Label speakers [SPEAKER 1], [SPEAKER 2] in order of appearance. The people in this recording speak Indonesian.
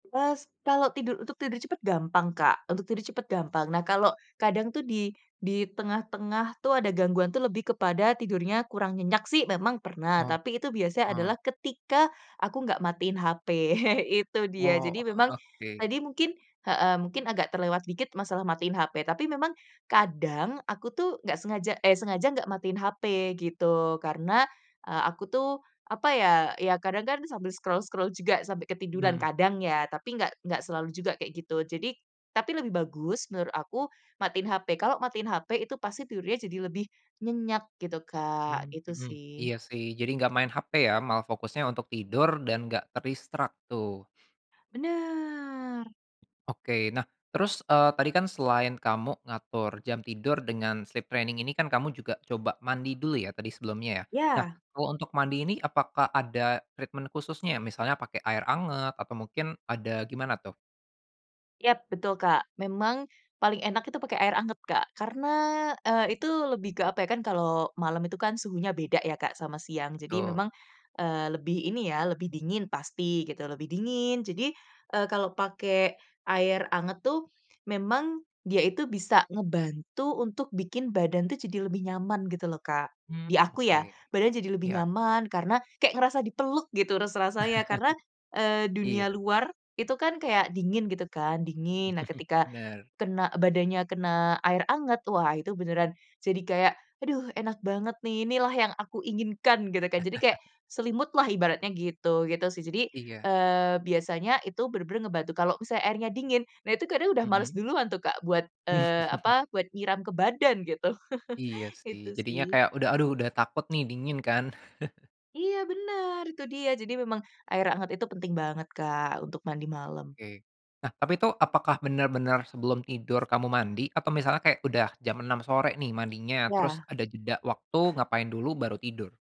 [SPEAKER 1] Terus, kalau tidur untuk tidur cepat gampang Kak, untuk tidur cepat gampang. Nah kalau kadang tuh di di tengah-tengah tuh ada gangguan tuh lebih kepada tidurnya kurang nyenyak sih memang pernah,
[SPEAKER 2] Oh,
[SPEAKER 1] tapi itu biasanya
[SPEAKER 2] heeh.
[SPEAKER 1] adalah ketika aku nggak matiin HP, itu dia.
[SPEAKER 2] Oh,
[SPEAKER 1] Jadi memang
[SPEAKER 2] oke.
[SPEAKER 1] tadi mungkin heeh, agak terlewat dikit masalah matiin HP tapi memang kadang aku tuh nggak sengaja eh sengaja nggak matiin HP gitu karena, eee, aku tuh apa ya, ya kadang kan sambil scroll-scroll juga sampai ketiduran,
[SPEAKER 2] Hmm.
[SPEAKER 1] kadang ya tapi enggak enggak selalu juga kayak gitu. Jadi tapi lebih bagus menurut aku, matiin HP, kalau matiin HP itu pasti tidurnya jadi lebih nyenyak gitu Kak,
[SPEAKER 2] Mmm,
[SPEAKER 1] itu
[SPEAKER 2] mhm,
[SPEAKER 1] sih.
[SPEAKER 2] iya sih, jadi nggak main HP ya, malah fokusnya untuk tidur dan nggak ke distract tuh.
[SPEAKER 1] Bener.
[SPEAKER 2] Oke, nah terus, eee, tadi kan selain kamu ngatur jam tidur dengan sleep training ini kan kamu juga coba mandi dulu ya tadi sebelumnya ya. Nah
[SPEAKER 1] Iya.
[SPEAKER 2] kalau untuk mandi ini apakah ada treatment khususnya, misalnya pakai air anget atau mungkin ada gimana tuh?
[SPEAKER 1] Yap betul, Kak. Memang paling enak itu pakai air anget Kak karena, eee, itu lebih ke, apa ya, kan kalau malam itu kan suhunya beda ya Kak sama siang. Jadi
[SPEAKER 2] Betul.
[SPEAKER 1] memang, eee, lebih ini ya lebih dingin pasti gitu, lebih dingin jadi, eee, kalau pakai air anget tuh memang dia itu bisa ngebantu untuk bikin badan tuh jadi lebih nyaman gitu loh, Kak. Di
[SPEAKER 2] Hmm,
[SPEAKER 1] aku ya,
[SPEAKER 2] oke.
[SPEAKER 1] badan jadi lebih
[SPEAKER 2] Iya.
[SPEAKER 1] nyaman karena kayak ngerasa dipeluk gitu rasa rasanya karena, eee,
[SPEAKER 2] Iya.
[SPEAKER 1] dunia luar itu kan kayak dingin gitu kan, dingin. Nah ketika
[SPEAKER 2] Bener.
[SPEAKER 1] kena badannya kena air hangat wah itu beneran jadi kayak aduh enak banget nih inilah yang aku inginkan gitu kan, jadi kayak selimut lah ibaratnya gitu, gitu sih. Jadi,
[SPEAKER 2] Iya.
[SPEAKER 1] eee, biasanya itu bener-bener ngebantu, kalau misalnya airnya dingin nah itu kadang udah males
[SPEAKER 2] Mhm?
[SPEAKER 1] duluan tuh Kak buat, eee, apa, buat nyiram ke badan gitu,
[SPEAKER 2] Iya sih,
[SPEAKER 1] itu
[SPEAKER 2] jadinya
[SPEAKER 1] sih.
[SPEAKER 2] kayak udah, aduh udah takut nih dingin kan.
[SPEAKER 1] Iya bener, itu dia jadi memang air hangat itu penting banget Kak untuk mandi malam.
[SPEAKER 2] Oke, nah tapi tuh apakah bener-bener sebelum tidur kamu mandi atau misalnya kayak udah jam 06:00 sore nih mandinya, terus
[SPEAKER 1] Iya.
[SPEAKER 2] ada jeda waktu ngapain dulu baru tidur?